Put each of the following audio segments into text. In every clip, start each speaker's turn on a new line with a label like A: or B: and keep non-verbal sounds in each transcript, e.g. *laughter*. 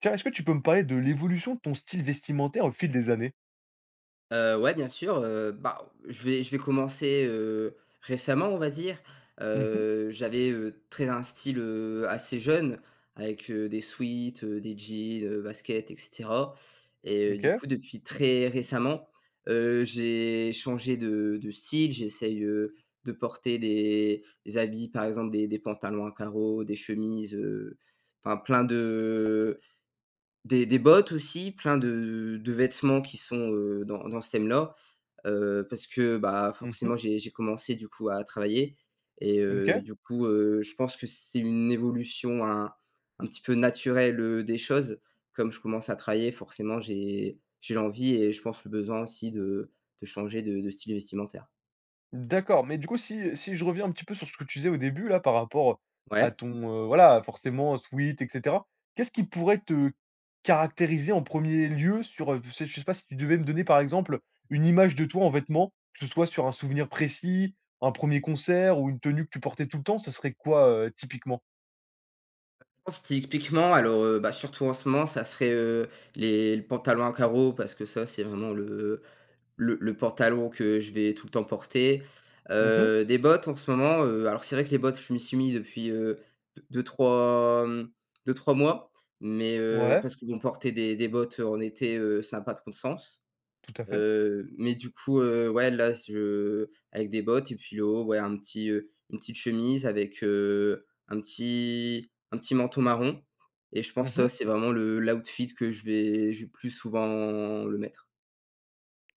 A: Tiens, est-ce que tu peux me parler de l'évolution de ton style vestimentaire, au fil des années?
B: Heu, ouais, bien sûr, heu, bah, je vais je vais commencer, heu, récemment, on va dire,
A: Mmh mh.
B: heu, j'avais, heu, très un style, heu, assez jeune avec, heu, des sweats, heu, des jeans, heu, baskets et cetera. Et heu, du
A: OK.
B: coup, depuis très récemment, heu, j'ai changé de de style, j'essaye, heu, de porter des des habits, par exemple, des des pantalons à carreaux, des chemises, heu, enfin plein de des des bottes aussi, plein de de vêtements qui sont, heu, dans dans ce thème-là. Heu, parce que, bah,
A: Mmh mh.
B: forcément, j'ai j'ai commencé du coup à travailler et
A: Mmh,
B: heu,
A: OK.
B: du coup, heu, je pense que c'est une évolution un un petit peu naturelle, heu, des choses. Comme je commence à travailler forcément, j'ai j'ai l'envie et je pense le besoin aussi de de changer de de style vestimentaire.
A: D'accord, mais du coup, si si je reviens un petit peu sur ce que tu disais au début là, par rapport, heu, à
B: Ouais.
A: ton, heu, voilà, forcément, sweat et cetera. Qu'est-ce qui pourrait te caractériser en 1er lieu, sur, heu, je sais je sais pas si tu devais me donner, par exemple, heu, une image de toi en vêtements, que ce soit sur un souvenir précis, un 1er concert ou une tenue que tu portais tout le temps, ce serait quoi, heu, typiquement?
B: Heu, je pense typiquement, alors, heu, ben, surtout en ce moment, ça serait, heu, les le pantalon à carreaux parce que ça, c'est vraiment le, heu, le le pantalon que je vais tout le temps porter,
A: Mmh mh.
B: heu, des bottes en ce moment, heu, alors c'est vrai que les bottes je m'y suis mis depuis, heu, de deux-trois, hem, 2-3 mois. Mais heu
A: Ouais.
B: parce que bon, porter des des bottes en été, heu, ça a pas trop de sens.
A: Tout à fait.
B: Heu, mais du coup, heu, ouais là, c je avec des bottes et puis le haut, ouais un petit, heu, une petite chemise avec, heu, un petit un petit manteau marron. Et je pense
A: Mmh
B: ça
A: mh.
B: c'est vraiment le l' outfit que je vais je vais plus souvent le mettre.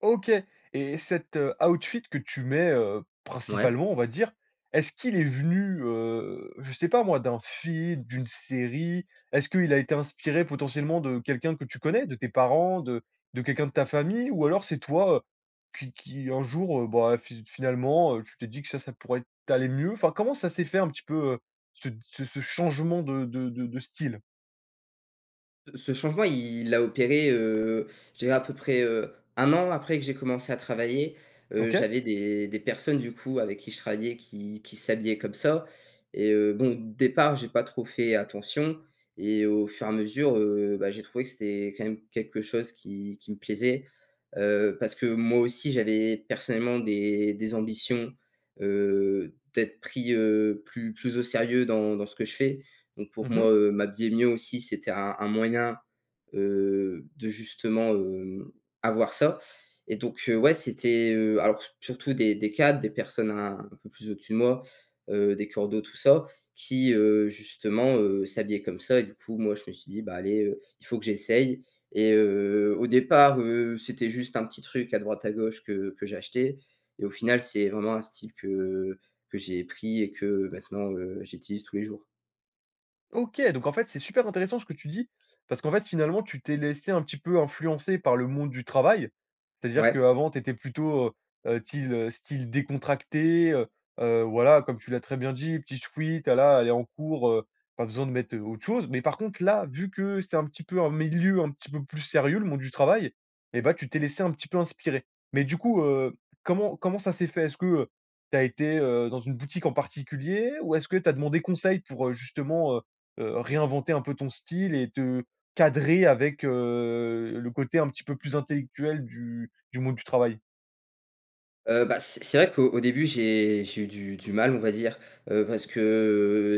A: OK, et cet, heu, outfit que tu mets, heu,
B: Ouais.
A: principalement on va dire, est-ce qu'il est venu, heu, je sais pas moi, d'un film, d'une série? Est-ce qu'il a été inspiré potentiellement de quelqu'un que tu connais, de tes parents, de de quelqu'un de ta famille ou alors c'est toi, heu, qui qui un jour, heu, ben fi finalement, heu, tu t'es dit que ça, ça pourrait être t'aller mieux, enfin comment ça s'est fait un petit peu, heu, ce de ce ce changement de de de de style?
B: Heu, ce changement, il a opéré, heu, je dirais peu près, heu, 1 an après que j'ai commencé à travailler, heu,
A: OK.
B: j'avais des des personnes, du coup, avec qui je travaillais qui qui s'habillaient comme ça et heu, bon, départ, j'ai pas trop fait attention et au fur et à mesure, heu, bah, j'ai trouvé que c'était quand même quelque chose qui qui me plaisait, heu, parce que moi aussi j'avais personnellement des des ambitions, heu, d'être pris, heu, plus plus au sérieux dans dans ce que je fais, donc pour
A: Mmh mh.
B: moi, heu, m'habiller mieux aussi, c'était un un moyen, heu, de justement, hem, avoir ça et donc heu, ouais, c'était, heu, alors s surtout des, des cadres, des personnes un un peu plus au dessus de moi, heu, des coordinateurs, tout ça, qui heu, justement, heu, s'habillaient comme ça et du coup, moi, je me suis dit: «Bah, allez, heu, il faut que j'essaye» et heu, au départ heu, c'était juste un petit truc à droite à gauche que que j'achetais et au final, c'est vraiment un style que que j'ai pris et que maintenant, heu, j'utilise tous les jours.
A: OK, donc en fait, c'est super intéressant ce que tu dis, parce qu'en fait, finalement, tu t'es laissé un petit peu influencer par le monde du travail. C'est-à-dire
B: Ouais.
A: qu'avant tu étais plutôt, heu heu, tyle, heu, style décontracté, heu heu, voilà comme tu l'as très bien dit, petit sweat, voilà, allez en cours, heu, pas besoin de mettre autre chose, mais par contre là, vu que c'est un petit peu un milieu un petit peu plus sérieux, le monde du travail et bah, tu t'es laissé un petit peu inspirer. Mais du coup, heu, comment comment ça s'est fait? Est-ce que, heu, tu as été, heu, dans une boutique en particulier ou est-ce que tu as demandé conseil pour, heu, justement, heu heu, réinventer un peu ton style et te cadrer avec, heu, le côté un petit peu plus intellectuel du du monde du travail?
B: Heu, bah c'est c'est vrai qu'au au début, j'ai j'ai eu du du mal, on va dire. Heu, parce que,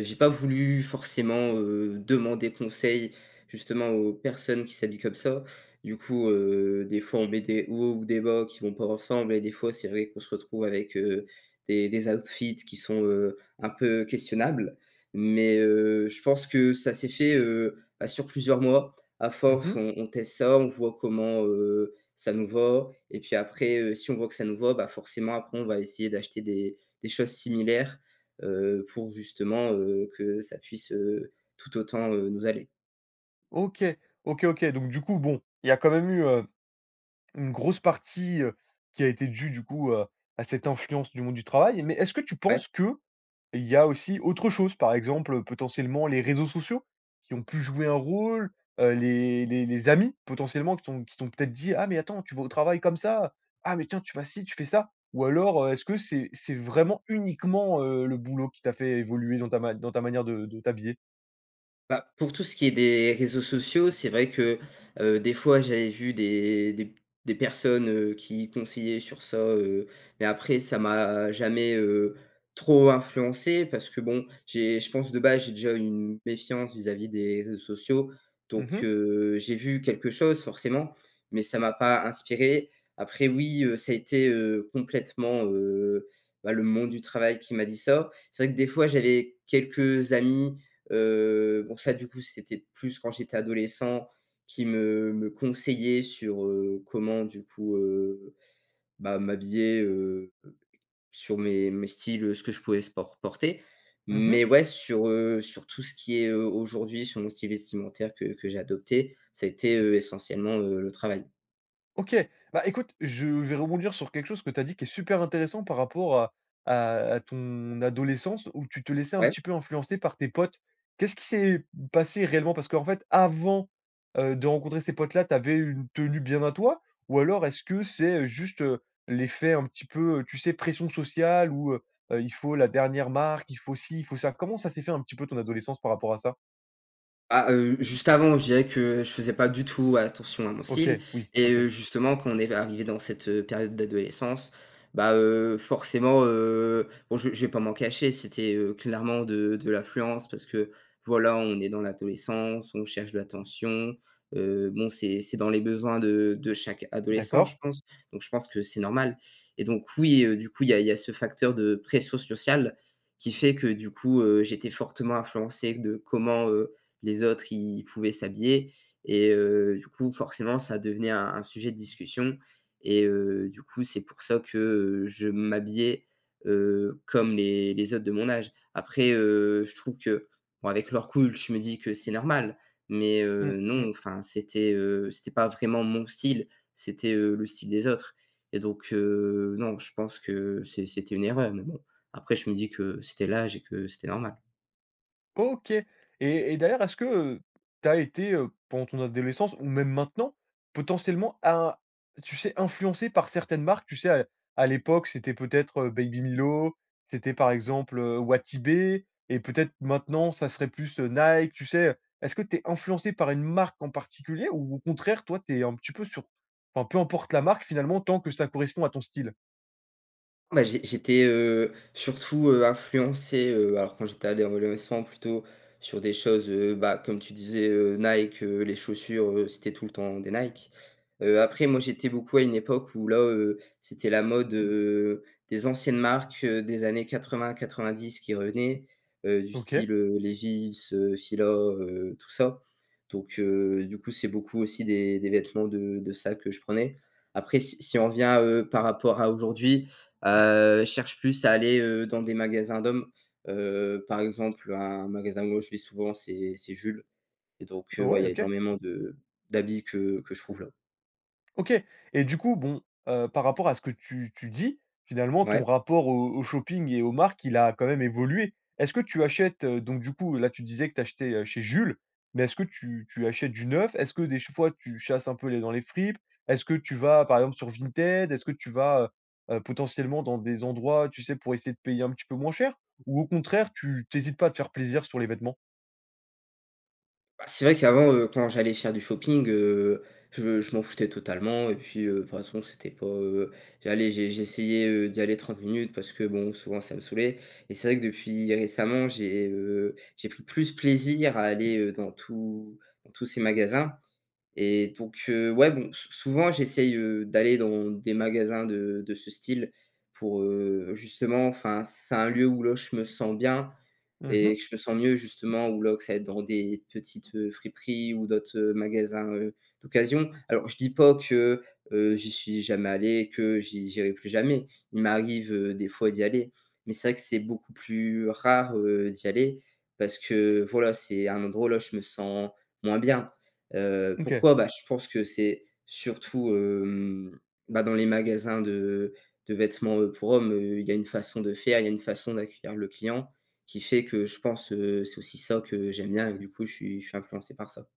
B: heu, j'ai pas voulu forcément, heu, demander conseil, justement, aux personnes qui s'habillent comme ça. Du coup, heu, des fois on met des hauts ou des bas qui vont pas ensemble et des fois, c'est vrai qu'on se retrouve avec, heu, des des outfits qui sont, heu, un peu questionables mais heu, je pense que ça s'est fait, heu, bah sur plusieurs mois. À
A: Mmh
B: force,
A: mh.
B: on on teste ça, on voit comment, heu, ça nous va et puis après, heu, si on voit que ça nous va, bah forcément, après on va essayer d'acheter des des choses similaires, heu, pour justement, heu, que ça puisse, heu, tout autant, heu, nous aller.
A: OK. OK OK, donc du coup bon, il y a quand même eu, heu, une grosse partie, heu, qui a été dûe du coup, heu, à cette influence du monde du travail mais est-ce que tu
B: Ouais.
A: penses qu'il y a aussi autre chose? Par exemple, heu, potentiellement les réseaux sociaux qui ont pu jouer un rôle? Heu, les les les amis potentiellement qui t'ont qui t'ont peut-être dit: «Ah mais attends, tu vas au travail comme ça? Ah mais tiens, tu vas ci, tu fais ça», ou alors, heu, est-ce que c'est c'est vraiment uniquement, heu, le boulot qui t'a fait évoluer dans ta ma dans ta manière de de t'habiller?
B: Bah, pour tout ce qui est des réseaux sociaux, c'est vrai que, heu, des fois, j'avais vu des des p des personnes, heu, qui conseillaient sur ça, heu, mais, après, ça m'a jamais, heu, trop influencé parce que, bon, j'ai je pense, de base, j'ai déjà une méfiance vis à vis des réseaux sociaux.
A: Mmh
B: Donc,
A: mh.
B: heu, j'ai vu quelque chose, forcément, mais, ça m'a pas inspiré. Après, oui, heu, ça a été, heu, complètement, heu, bah, le monde du travail qui m'a dit ça. C'est vrai que, des fois, j'avais quelques amis, heu, bon, ça, du coup, c'était plus quand j'étais adolescent, qui me me conseillaient sur, heu, comment, du coup, heu, bah, m'habiller, heu, sur mes mes styles, heu, ce que je pouvais sport por porter.
A: Mmh mh.
B: Mais, ouais, sur, heu, sur tout ce qui est, heu, aujourd'hui, sur mon style vestimentaire que que j'ai adopté, ça a été, heu, essentiellement, heu, le travail.
A: Ok. Bah, écoute, je vais rebondir sur quelque chose que tu as dit, qui est super intéressant par rapport à à à ton adolescence, où tu te laissais un
B: Ouais.
A: petit peu influencer par tes potes. Qu'est-ce qui s'est passé réellement? Parce qu'en fait, avant, heu, de rencontrer ces potes-là, tu avais une tenue bien à toi? Ou alors est-ce que c'est, juste, heu, l'effet, un petit peu, heu, tu sais, pression sociale où, heu heu, il faut la dernière marque, il faut ci, il faut ça? Comment ça s'est fait un petit peu ton adolescence, par rapport à ça?
B: Ah, heu, juste avant, je dirais que je faisais pas du tout attention à mon
A: OK,
B: style
A: oui,
B: et
A: OK.
B: heu, justement quand on est arrivé dans cette, heu, période d'adolescence, bah, heu, forcément, heu, bon je je vais pas m'en cacher, c'était, heu, clairement de de l'influence parce que, voilà on est dans l'adolescence, on cherche de l'attention, heu, bon, c'est c'est dans les besoins de de chaque adolescent,
A: D'accord.
B: je pense. Donc je pense que c'est normal. Et donc oui, heu, du coup, il y a il y a ce facteur de pression sociale, qui fait que du coup, heu, j'étais fortement influencé de comment, heu, les autres ils pouvaient s'habiller et heu, du coup forcément, ça devenait un un sujet de discussion et heu, du coup, c'est pour ça que je m'habillais, heu, comme les les autres de mon âge. Après, heu, je trouve que bon avec le recul, je me dis que c'est normal. Mais heu,
A: Mmh,
B: non,
A: mmh.
B: enfin, c'était, heu, c'était pas vraiment mon style, c'était, heu, le style des autres. Et donc heu, non, je pense que c'est c'était une erreur, mais bon. Après je me dis que c'était l'âge et que c'était normal.
A: OK. Et et d'ailleurs, est-ce que, heu, tu as été, heu, pendant ton adolescence ou même maintenant, potentiellement à un tu sais influencé par certaines marques, tu sais à à l'époque c'était peut-être, heu, Baby Milo, c'était par exemple, heu, Wati B et peut-être maintenant ça serait plus Nike, tu sais, heu, est-ce que tu es influencé par une marque en particulier ou au contraire toi tu es un petit peu sur p enfin, peu importe la marque finalement, tant que ça correspond à ton style?
B: Bah j'ai j'étais, heu, surtout, heu, influencé, heu, alors quand j'étais ado adolescent, plutôt sur des choses, heu, bah comme tu disais, heu, Nike, heu, les chaussures, heu, c'était tout le temps des Nike. Heu, après moi j'étais beaucoup à une époque où là, heu, c'était la mode, heu, des anciennes marques, heu, des années 80-90 qui revenaient. Heu, du
A: OK.
B: style, heu, Levi's, heu, Fila, heu, tout ça. Donc heu, du coup c'est beaucoup aussi des des vêtements de de ça que je prenais. Après si si on revient, heu, par rapport à aujourd'hui, heu, je cherche plus à aller, heu, dans des magasins d'hommes, heu, par exemple un magasin moi où je vais souvent c'est c'est Jules. Et donc heu, ouais, il
A: Ouais,
B: y a
A: OK.
B: énormément de d'habits que que je trouve là.
A: OK et du coup bon, heu, par rapport à ce que tu tu dis, finalement
B: Ouais.
A: ton rapport au au shopping et aux marques, il a quand même évolué. Est-ce que tu achètes, heu, donc du coup là tu disais que tu achetais, heu, chez Jules, mais est-ce que tu tu achètes du neuf? Est-ce que des ch fois tu chasses un peu les f dans les fripes? Est-ce que tu vas, par exemple, sur Vinted? Est-ce que tu vas, heu heu, potentiellement dans des endroits, tu sais, pour essayer de payer un petit peu moins cher? Ou au contraire, tu tu hésites pas de te faire plaisir sur les vêtements?
B: Bah, c'est vrai qu'avant, heu, quand j'allais faire du shopping, heu, je je m'en foutais totalement et puis, heu, de toute façon, c'était pas heu. J'allais j'ai j'essayais, heu, d'y aller 30 minutes parce que, bon, souvent, ça me saoulait. Et c'est vrai que depuis récemment, j'ai, heu, j'ai pris plus plaisir à aller, heu, dans tous dans tous ces magasins. Et donc heu, ouais, bon, s souvent j'essaye, heu, d'aller dans des magasins de de ce style pour, heu, justement, enfin c'est un lieu où là je me sens bien,
A: Mmh
B: et
A: mh.
B: que je me sens mieux, justement, ou là que ça ait dans des petites, heu, friperies ou d'autres, heu, magasins, heu, d'occasion. Alors, heu, je dis pas que, heu, j'y suis jamais allé, et que j'i j'irai plus jamais! Il m'arrive, heu, des fois, d'y aller. Mais c'est vrai que c'est beaucoup plus rare, heu, d'y aller, parce que, voilà, c'est un endroit où la je me sens moins bien. Heu,
A: OK.
B: pourquoi? Bah, je pense que c'est surtout, hem, bah, dans les magasins de de vêtements, heu, pour hommes, heu, il y a une façon de faire, il y a une façon d'accueillir le client, qui fait que je pense, heu, c'est aussi ça que j'aime bien et que du coup je suis je suis influencé par ça.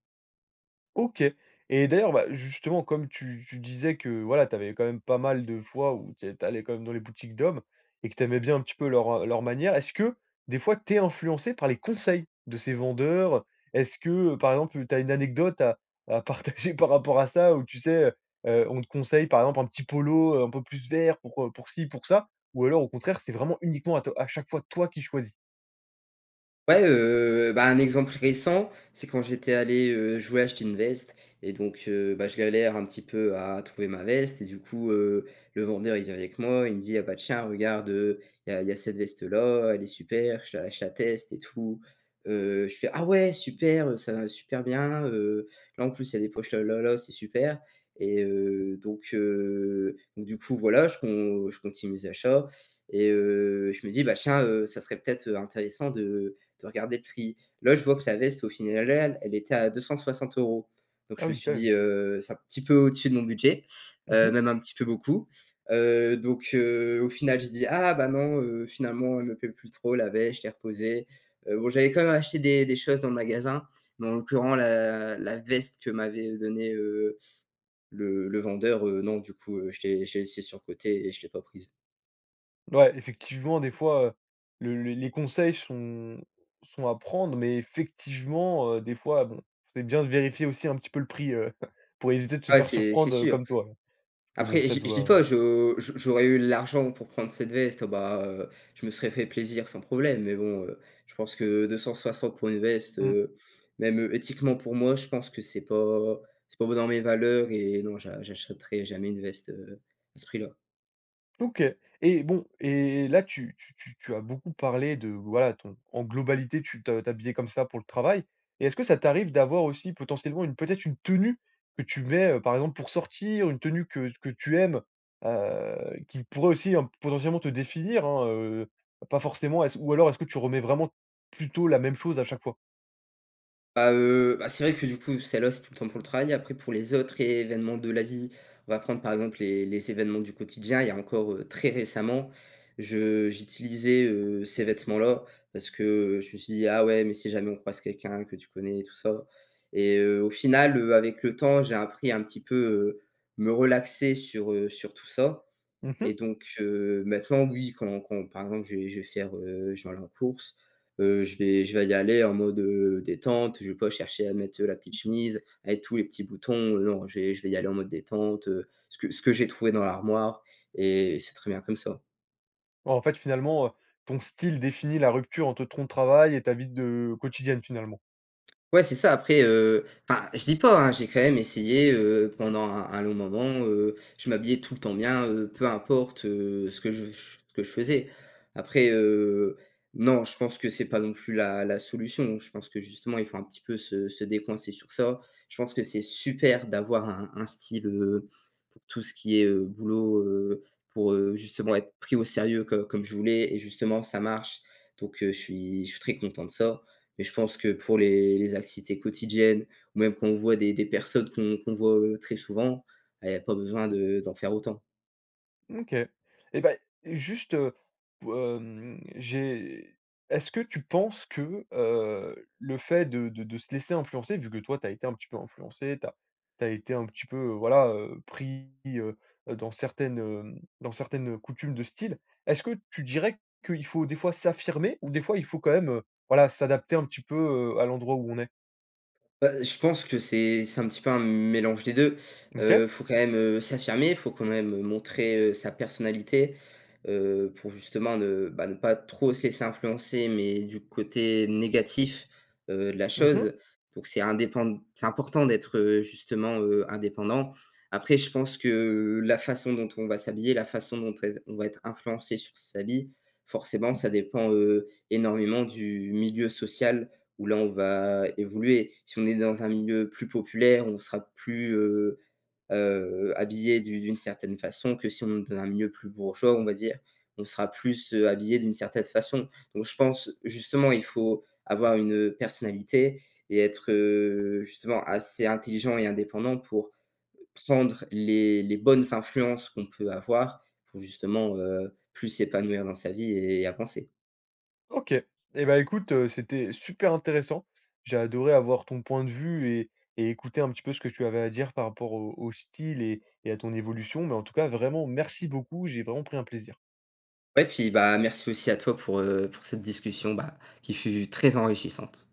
A: OK. Et d'ailleurs, ben, justement, comme tu tu disais que, voilà, tu avais quand même pas mal de fois où t'é tu allais quand même dans les boutiques d'hommes, et que tu aimais bien un petit peu leur, heu, leur manière, est-ce que, des fois, tu es influencé par les conseils de ces vendeurs, heu? Est-ce que, heu, par exemple, tu as une anecdote à à partager par rapport à ça ou tu sais, heu, heu, on te conseille par exemple un petit polo, heu, un peu plus vert pour, heu, pour ci, pour ça, ou alors au contraire c'est vraiment uniquement à to à chaque fois toi qui choisis?
B: Ouais, heu, ben un exemple récent, c'est quand j'étais allé heu, je voulais acheter une veste et donc heu, ben je galère un petit peu à trouver ma veste et du coup, heu, le vendeur il vient avec moi, il me dit: «Heu, ah ben tiens regarde, heu, il y a il y a cette veste-là, elle est super» je la je la teste et tout. Heu, je fais: «Ah ouais, super, heu, ça va super bien, heu, là en plus il y a des poches là, là, là, c'est super» et heu, donc heu, donc du coup voilà, je con je continue mes achats et heu, je me dis: «Ben tiens, heu, ça serait peut-être, heu, intéressant de de regarder le prix». Là, je vois que la veste, au final al elle était à 260€ Donc
A: Ah
B: je me
A: oui, quand
B: suis
A: même.
B: dit, heu, c'est un petit peu au-dessus de mon budget,
A: Mmh
B: heu,
A: mh.
B: même un petit peu beaucoup. Heu, donc heu, au final j'ai dit: «Ah ben non, heu, finalement, elle me plaît plus trop la veste», je l'ai reposée. Heu, bon, j'avais quand même acheté des des choses dans le magasin, mais en l'occurrence la la veste que m'avait, heu, donné, heu, le le vendeur, heu, non, du coup, heu, je l'ai je l'ai laissée sur le côté et je l'ai pas prise.
A: Ouais, effectivement, des fois, heu, le les conseils sont sont à prendre mais effectivement, heu, des fois, bon, c'est bien de vérifier aussi un petit peu le prix, heu, *chuckles* pour éviter de se
B: Ah ouais,
A: faire
B: c'est c'est
A: surprendre, heu,
B: sûr.
A: comme toi. Parce que bon,
B: Après,
A: ça
B: j je dis
A: doit
B: pas, je je j'aurais eu l'argent pour prendre cette veste, heu, bah, heu, je me serais fait plaisir sans problème, mais bon, heu, je pense que 260 pour une veste,
A: Mmh.
B: heu, même, heu, éthiquement pour moi, je pense que c'est pas c'est pas be dans mes valeurs et non, j'a j'achèterai jamais une veste, heu, à ce prix-là.
A: OK et bon et là tu tu tu tu as beaucoup parlé de, voilà, ton en globalité, tu te t'habillais comme ça pour le travail et est-ce que ça t'arrive d'avoir aussi potentiellement une peut-être une tenue, que tu mets, heu, par exemple, pour sortir, une tenue que que tu aimes, heu, qui pourrait aussi, potentiellement te définir, hein, heu, pas forcément, est-ce ou alors est-ce que tu remets vraiment plutôt la même chose à chaque fois?
B: Bah, heu, bah, c'est vrai que du coup, celle là, c'est tout le temps pour le travail, après pour les autres événements de la vie, on va prendre, par exemple, les les événements du quotidien. Il y a encore, heu, très récemment, je j'utilisais, heu, ces vêtements-là parce que je me suis dit: «Ah ouais, mais si jamais on croise quelqu'un que tu connais et tout ça» et heu, au final, heu, avec le temps, j'ai appris un petit peu, heu, me relaxer sur, heu, sur tout ça
A: Mmh
B: et
A: mh.
B: donc heu, maintenant, oui, quand quand, par exemple, je vais je vais faire, heu, je vais aller en course, heu, je vais je vais y aller en mode, heu, détente, je vais pas chercher à mettre, heu, la petite chemise avec tous les petits boutons, heu, non, je vais je vais y aller en mode détente, heu, ce que ce que j'ai trouvé dans l'armoire et c'est très bien comme ça.
A: Oh, en fait, finalement, heu, ton style définit la rupture entre ton travail, et ta vie de, heu quotidienne, finalement.
B: Ouais, c'est ça. Après, heu, enfin, je dis pas, hein, j'ai quand même essayé, heu, pendant un un long moment, heu, je m'habillais tout le temps bien, heu, peu importe, heu, ce que je v je f ce que je faisais. Après, heu, non. Je pense que c'est pas non plus la la solution. Je pense que justement, il faut un petit peu se se décoincer sur ça. Je pense que c'est super d'avoir un un style, heu, pour tout ce qui est, heu, boulot, heu, pour, heu, justement, être pris au sérieux co comme je voulais, et justement, ça marche. Donc heu, je suis je suis très content de ça. Mais je pense que pour les les activités quotidiennes, ou même quand on voit des des personnes qu'on qu'on voit, heu, très souvent, beh, il y a pas besoin de d'en faire autant.
A: Mmh, OK, et bah, e juste, pou hem j'ai est-ce que tu penses que, heu, le fait de de de se laisser influencer- vu que toi tu as été un petit peu influencé, tu as tu as été un petit peu, heu, voilà, heu, pris, heu, dans certaines, hem, dans certaines, heu, coutumes de style- est-ce que tu dirais qu'il faut des fois s'affirmer ou des fois, il faut quand même, heu, voilà, s'adapter un petit peu, heu, à l'endroit où on est?
B: Bah, heu, je pense que c'est c'est un petit peu un mélange des deux.
A: OK.
B: Heu, faut quand même, heu, s'affirmer, faut quand même montrer, heu, sa personnalité. Heu, pour justement ne, bah, ne pas trop se laisser influencer, mais du côté négatif, heu, de la
A: Mmh mh.
B: chose. Donc c'est indépend c'est important d'être, heu, justement, heu, indépendant. Après je pense que, heu, la façon dont on va s'habiller, la façon dont être on va être influencé sur ses habits. Forcément, ça dépend, heu, énormément du milieu social où là on va évoluer. Si on est dans un milieu plus populaire, on sera plus heu, heu, habillé d'u d'une certaine façon que si on est d'un milieu plus bourgeois, on va dire, on sera plus, heu, habillé d'une certaine façon. Donc je pense, justement, il faut avoir une, heu, personnalité et être, heu, justement assez intelligent et indépendant pour prendre les les bonnes influences qu'on peut avoir, pour justement, heu, plus s'épanouir dans sa vie et avancer.
A: OK. Et bah, écoute, heu, c'était super intéressant. J'ai adoré avoir ton point de vue et et écouter un petit peu ce que tu avais à dire par rapport au au style et et à ton évolution, mais en tout cas, vraiment, merci beaucoup, j'ai vraiment pris un plaisir.
B: Ouais, puis bah, merci aussi à toi pour, heu, pour cette discussion, bah, qui fut très enrichissante.